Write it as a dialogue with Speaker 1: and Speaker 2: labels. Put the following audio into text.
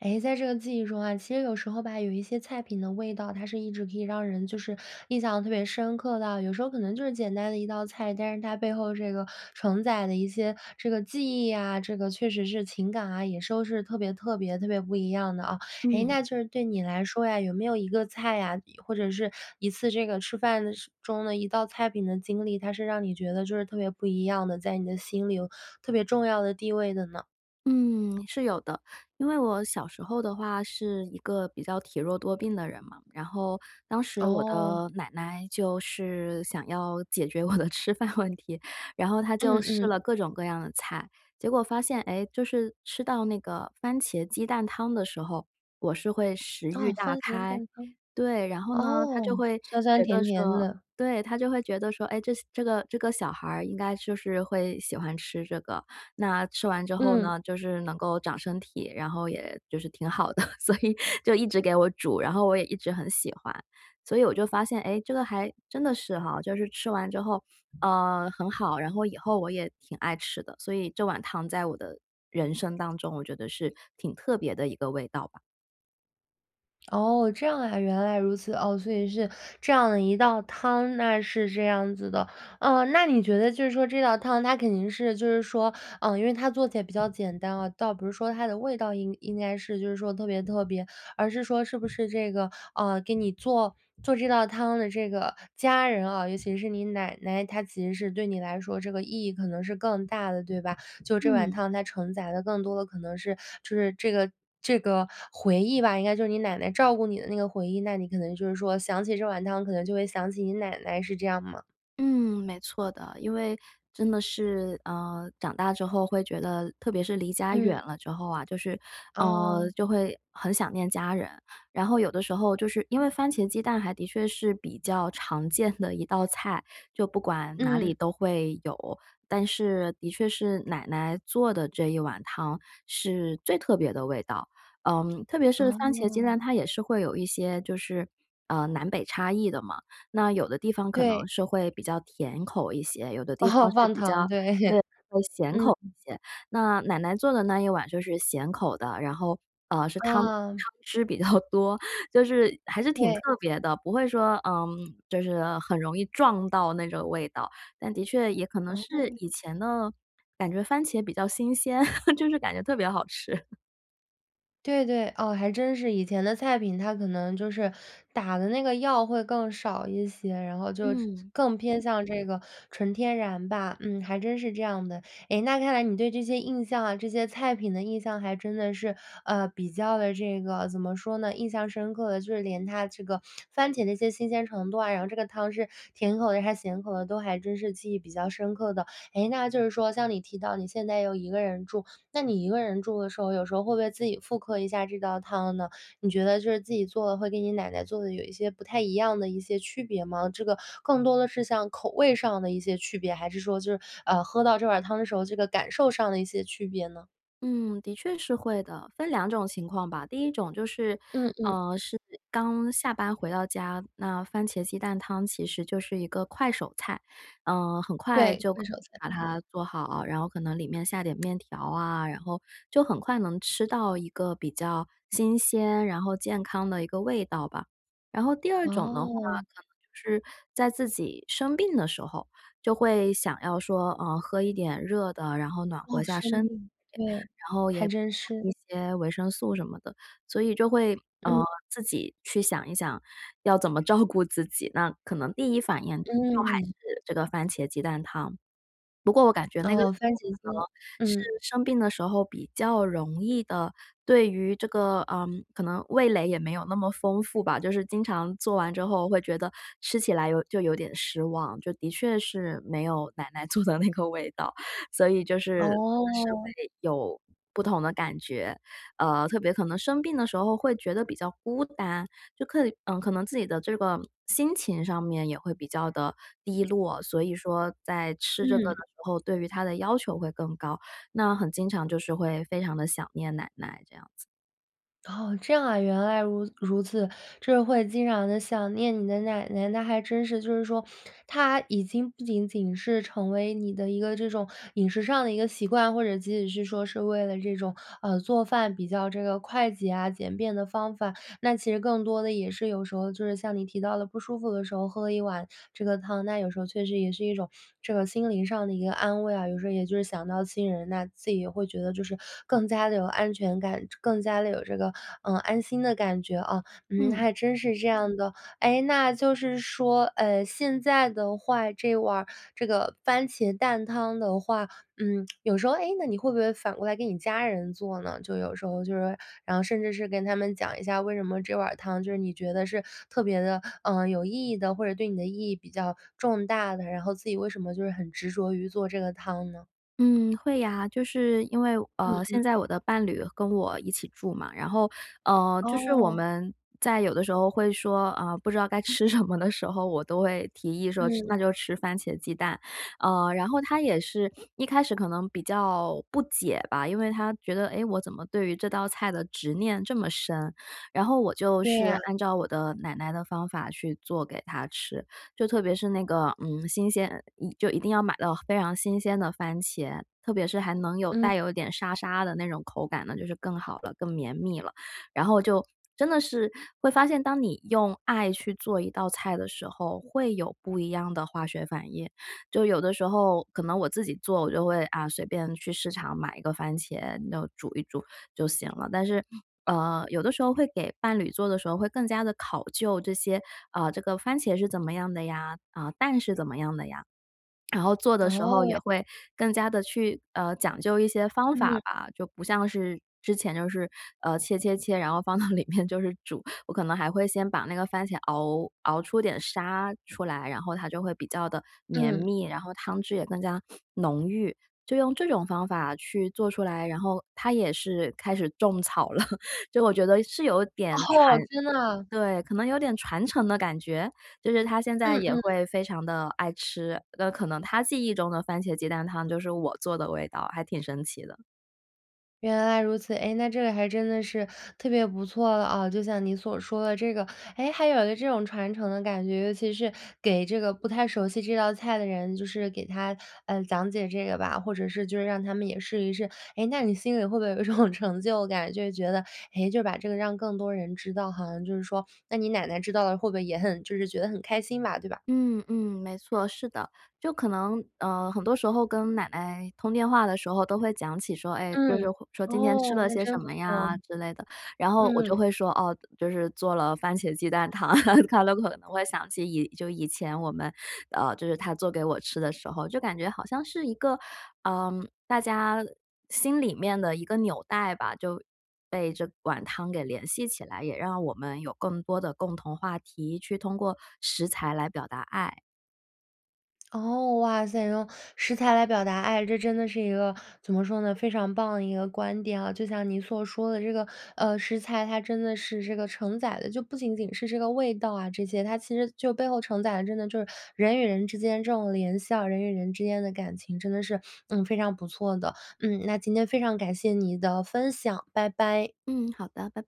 Speaker 1: 诶，在这个记忆中啊，其实有时候吧，有一些菜品的味道，它是一直可以让人，就是印象特别深刻的。有时候可能就是简单的一道菜，但是它背后这个承载的一些这个记忆啊，这个确实是情感啊，也是都是特别特别特别不一样的啊。诶，
Speaker 2: 嗯。
Speaker 1: 那就是对你来说呀，有没有一个菜啊，一或者是一次这个吃饭的时中的一道菜品的经历，它是让你觉得就是特别不一样的，在你的心里有特别重要的地位的呢？
Speaker 2: 嗯，是有的。因为我小时候的话是一个比较体弱多病的人嘛，然后当时我
Speaker 1: 哦。
Speaker 2: 的奶奶，就是想要解决我的吃饭问题，然后她就
Speaker 1: 嗯
Speaker 2: 试
Speaker 1: 嗯。
Speaker 2: 了各种各样的菜。结果发现，诶，就是吃到那个番茄鸡蛋汤的时候，我是会食
Speaker 1: 啊，
Speaker 2: 欲大
Speaker 1: 番茄
Speaker 2: 开，
Speaker 1: 蛋汤。
Speaker 2: 对，然后呢，她就
Speaker 1: 哦，
Speaker 2: 会
Speaker 1: 酸酸
Speaker 2: 觉得
Speaker 1: 甜甜
Speaker 2: 说
Speaker 1: 的。
Speaker 2: 对，她就会觉得说：“诶，这些这个这个小孩儿应该就是会喜欢吃这个。”那吃完之后
Speaker 1: 嗯。
Speaker 2: 呢，就是能够长身体，然后也就是挺好的，所以就一直给我煮，然后我也一直很喜欢。所以我就发现，诶，这个还真的是哈，就是吃完之后，呃，很好，然后以后我也挺爱吃的。所以这碗汤在我的人生当中，我觉得是挺特别的一个味道吧。
Speaker 1: 哦，这样啊，原来如此，哦，所以是这样的一道汤，那是这样子的。啊，那你觉得就是说这道汤它肯定是，就是说，呃，因为它做起来比较简单啊，倒不是说它的味道应应该是就是说特别特别而是说是不是这个，呃，给你做，做这道汤的这个家人啊，尤其是你奶奶，她其实是对你来说这个意义可能是更大的，对吧？就这碗
Speaker 2: 嗯。
Speaker 1: 汤它承载的更多的可能是，就是这个这个回忆吧，应该就是你奶奶照顾你的那个回忆。那你可能就是说，想起这碗汤，可能就会想起你奶奶，是这样吗？
Speaker 2: 嗯，没错的，因为真的是，呃，长大之后会觉得特别是离家远
Speaker 1: 嗯。
Speaker 2: 了之后啊，就是，呃，
Speaker 1: 哦。
Speaker 2: 就会很想念家人。然后有的时候就是因为番茄鸡蛋还的确是比较常见的一道菜，就不管哪里
Speaker 1: 嗯。
Speaker 2: 都会有，但是的确是奶奶做的这一碗汤是最特别的味道。呃，特别是番茄鸡
Speaker 1: 哦。
Speaker 2: 蛋它也是会有一些，就是，呃，南北差异的嘛。那有的地方可能
Speaker 1: 对。
Speaker 2: 是会比较甜口一些，有的地
Speaker 1: 哦，
Speaker 2: 方是
Speaker 1: 放
Speaker 2: 比较
Speaker 1: 糖，对，
Speaker 2: 对，会咸
Speaker 1: 嗯。
Speaker 2: 口一些。那奶奶做的那一碗就是咸口的，然后，呃，是汤汤
Speaker 1: 啊。
Speaker 2: 汁比较多，就是还是挺特
Speaker 1: 对。
Speaker 2: 别的，不会说，呃，就是，呃，很容易撞到那种味道，但的确也可能是
Speaker 1: 哦。
Speaker 2: 以前的感觉番茄比较新鲜，就是感觉特别好吃。
Speaker 1: 对对，哦，还真是。以前的菜品它可能就是打的那个药会更少一些，然后就
Speaker 2: 嗯。
Speaker 1: 更偏向这个纯天然吧，嗯，还真是这样的。哎，那看来你对这些印象啊，这些菜品的印象还真的是，呃，比较地这个，怎么说呢？印象深刻的，就是连它这个番茄那些新鲜程度啊，然后这个汤汁，甜口的还是咸口的，都还真是记忆比较深刻的。诶，那就是说像你提到你现在又一个人住，那你一个人住的时候，有时候会不会自己复刻一下这道汤呢？你觉得就是自己做的会跟你奶奶做的有一些不太一样的一些区别吗？这个更多的是像口味上的一些区别？还是说就是，呃，喝到这碗汤的时候，这个感受上的一些区别呢？
Speaker 2: 嗯，的确是会的。分两种情况吧，第一种就是，
Speaker 1: 嗯嗯。
Speaker 2: 呃，是刚下班回到家，那番茄鸡蛋汤其实就是一个快手菜，呃，很快
Speaker 1: 对，
Speaker 2: 就
Speaker 1: 快
Speaker 2: 可
Speaker 1: 手菜。
Speaker 2: 把它做好，然后可能里面下点面条啊，然后就很快能吃到一个比较新鲜，然后健康的一个味道吧。然后第二种的话，
Speaker 1: 哦。
Speaker 2: 可能就是在自己生病的时候，就会想要说，呃，喝一点热的，然后暖
Speaker 1: 哦，
Speaker 2: 和下
Speaker 1: 生
Speaker 2: 身体，
Speaker 1: 病，对，
Speaker 2: 然后
Speaker 1: 还
Speaker 2: 也补
Speaker 1: 真是。
Speaker 2: 充一些维生素什么的。所以就会，呃，
Speaker 1: 嗯。
Speaker 2: 自己去想一想，要怎么照顾自己，那可能第一反应就还
Speaker 1: 嗯。
Speaker 2: 是这个番茄鸡蛋汤。不过我感觉那个时
Speaker 1: 哦，番
Speaker 2: 候，可
Speaker 1: 茄鸡蛋，
Speaker 2: 能是
Speaker 1: 嗯。
Speaker 2: 生病的时候比较容易的，对于这个，呃，可能味蕾也没有那么丰富吧，就是经常做完之后会觉得吃起来有就有点失望，就的确是没有奶奶做的那个味道，所以就是真的是
Speaker 1: 哦。
Speaker 2: 会有不同的感觉。呃，特别可能生病的时候会觉得比较孤单，就刻意呃，可能自己的这个心情上面也会比较地低落，所以说在吃这个的
Speaker 1: 嗯。
Speaker 2: 时候，对于它的要求会更高，那很经常就是会非常地想念奶奶这样子。
Speaker 1: 哦，这样啊，原来如如此，就是会经常地想念你的奶奶，那还真是。就是说她已经不仅仅是成为你的一个这种饮食上的一个习惯，或者即使是说是为了这种，呃，做饭比较这个快捷啊、简便的方法，那其实更多地也是有时候，就是像你提到了不舒服的时候喝了一碗这个汤，那有时候确实也是一种这个心灵上的一个安慰啊。有时候也就是想到亲人，那自己也会觉得就是更加地有安全感，这更加地有这个，呃，安心的感觉啊，嗯，那
Speaker 2: 嗯。
Speaker 1: 还真是这样的。诶，那就是说，呃，现在的话，这碗儿这个番茄蛋汤的话，嗯，有时候，诶，那你会不会反过来给你家人做呢，就有时候，就是说，然后甚至是跟他们讲一下，为什么这碗儿汤，就是你觉得是特别地，呃，有意义呢，或者对你的意义比较重大的？然后，自己为什么就是很执着于做这个汤呢？
Speaker 2: 嗯，会呀。就是因为，
Speaker 1: 嗯，
Speaker 2: 呃，
Speaker 1: 嗯。
Speaker 2: 现在我的伴侣跟我一起住嘛，然后，呃，就是我
Speaker 1: 哦。
Speaker 2: 们在有的时候会说，呃，不知道该吃什么的时候，我都会提议说：“吃
Speaker 1: 嗯。
Speaker 2: 那就吃番茄鸡蛋。”呃，然后，他也是一开始可能比较不解吧，因为他觉得，诶，我怎么对于这道菜的执念这么深？然后我就
Speaker 1: 对
Speaker 2: 是
Speaker 1: 呀。
Speaker 2: 按照我的奶奶的方法去做给他吃，就特别是那个，嗯，新鲜，嗯，一就一定要买到非常新鲜的番茄，特别是还能有
Speaker 1: 嗯。
Speaker 2: 带有一点沙沙的那种口感呢，就是更好了、更绵密了。然后就真的是会发现，当你用爱去做一道菜的时候，会有不一样的化学反应，就有的时候可能我自己做，我就会，啊，随便去市场买一个番茄，弄煮一煮就行了。但是，呃，有的时候会给伴侣做的时候，会更加地考究这些，呃，这个番茄是怎么样的呀？啊，蛋是怎么样的呀？然后做的
Speaker 1: 哦，
Speaker 2: 时候
Speaker 1: 原
Speaker 2: 也会更加地去，呃，讲究一些方法
Speaker 1: 嗯。
Speaker 2: 吧。就不像是之前就是，呃，切切切，然后放到里面就是煮。我可能还会先把那个番茄熬，熬出点沙出来，然后它就会比较地绵
Speaker 1: 嗯。
Speaker 2: 密，然后汤汁也更加浓郁。就用这种方法去做出来，然后他也是开始种草了，就我觉得是有点传
Speaker 1: 哦，真的啊？
Speaker 2: 对，可能有点传承的感觉？就是他现在
Speaker 1: 嗯
Speaker 2: 也
Speaker 1: 嗯。
Speaker 2: 会非常地爱吃，的可能他记忆中的番茄鸡蛋汤就是我做的味道，还挺神奇的。
Speaker 1: 原来如此，诶，那这个还真的是特别不错了啊。就像你所说的这个，诶，还有个这种传承的感觉，尤其是给这个不太熟悉这道菜的人，就是给他，呃，讲解这个吧，或者是就是让他们也试一试。诶，那你心里会不会有一种成就感，就是觉得，诶，就把这个让更多人知道，好像就是说那你奶奶知道了会不会也很就是觉得很开心吧，对吧？
Speaker 2: 嗯，嗯，没错，是的。就可能，呃，很多时候跟奶奶通电话的时候都会讲起说，哎，就是
Speaker 1: 嗯，
Speaker 2: 会说今天吃
Speaker 1: 哦，
Speaker 2: 了
Speaker 1: 那
Speaker 2: 些什
Speaker 1: 真不
Speaker 2: 么
Speaker 1: 错，
Speaker 2: 呀之类的。然后我就
Speaker 1: 嗯。
Speaker 2: 会说：“哦，就是做了番茄鸡蛋汤。” 她都可能会想起以就以前我们，呃，就是她做给我吃的时候，就感觉好像是一个，呃，大家心里面的一个纽带吧，就被这碗汤给联系起来，也让我们有更多的共同话题，去通过食材来表达爱。
Speaker 1: 哦，哇塞，用食材来表达爱，这真的是一个，怎么说呢？非常棒的一个观点啊。就像你所说的这个，呃，食材，它真的是这个承载的，就不仅仅是这个味道啊这些，它其实就背后承载的真的就是，人与人之间这种联系啊，人与人之间的感情真的是，嗯，非常不错的，嗯，那今天非常感谢你的分享，拜拜。
Speaker 2: 嗯，好的，拜